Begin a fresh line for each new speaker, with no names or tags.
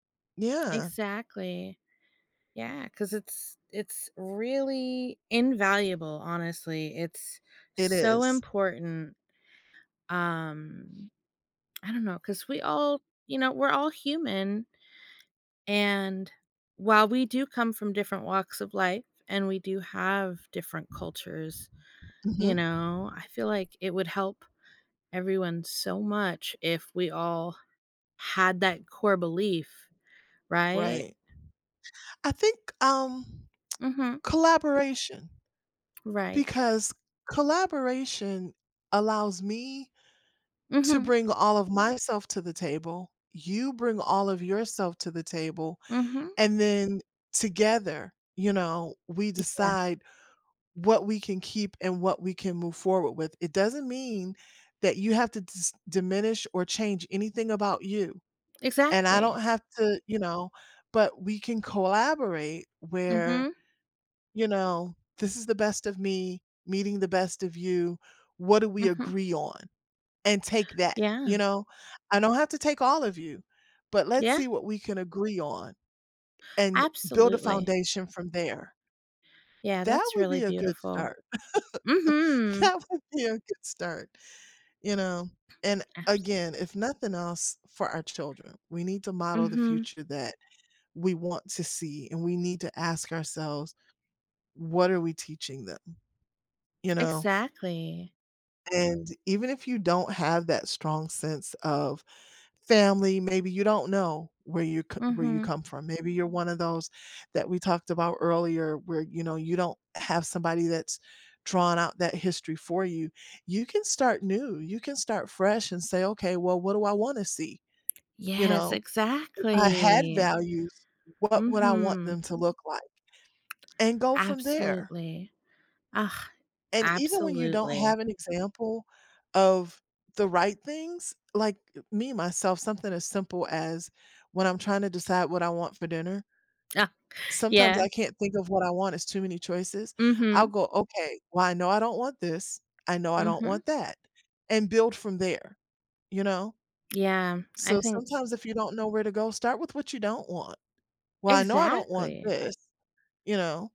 Yeah.
Exactly, yeah, ‘cause it's it's really invaluable, honestly, it's
It
so
is.
important. Um, I don't know, 'cause we all you know, we're all human. And while we do come from different walks of life, and we do have different cultures, you
Mhm.
know, I feel like it would help everyone so much if we all had that core belief, right?
Right. I think um,
Mhm.
collaboration,
Right.
because collaboration allows me to
Mhm.
bring all of myself to the table, you bring all of yourself to the table,
Mhm.
and then together, you know, we
Y yeah.
decide what we can keep and what we can move forward with. It doesn't mean that you have to dis diminish or change anything about you, and I
Exactly.
don't have to, you know, but we can collaborate where
Mhm.
you know, "This is the best of me, meeting the best of you. What do we
Mhm
agree on." And take that, you
Yeah.
know, "I don't have to take all of you, but let's
Yeah.
see what we can agree on, and build a
Absolutely.
foundation from there."
Yeah,
That
that's
would
really
be a good
beautiful.
start.
Mhm.
That would be a good start, you know, and
Abs
again, if nothing else for our children, we need to model the
Mhm.
future that we want to see and we need to ask ourselves, "What are we teaching them?" You know?
Exactly.
And even if you don't have that strong sense of family, maybe you don't know where you c where you
Mhm.
come from, maybe you're one of those that we talked about earlier where, you know, you don't have somebody that's drawn out that history for you. You can start new, you can start fresh and say, "Okay, well, what do I wanna see." You
Yes,
know, "If I had
exactly.
values, what would I want them
Mhm.
to look like?" And go from there.
Absolutely,
And even when you don't
absolutely.
have an example of the right things, like, e me, myself, something as simple as when I'm trying to decide what I want for dinner.
Ah,
Sometimes I
yeah.
can't think of what I want, it's too many choices. I'll
Mhm.
go, "Okay, well, I know I don't want this, I know I don't
Mhm.
want that." And build from there, you know.
Yeah, I
So
think
sometimes if you don't know where to go, start with what you don't want. "Well, I know I don't want
Exactly.
this." You know.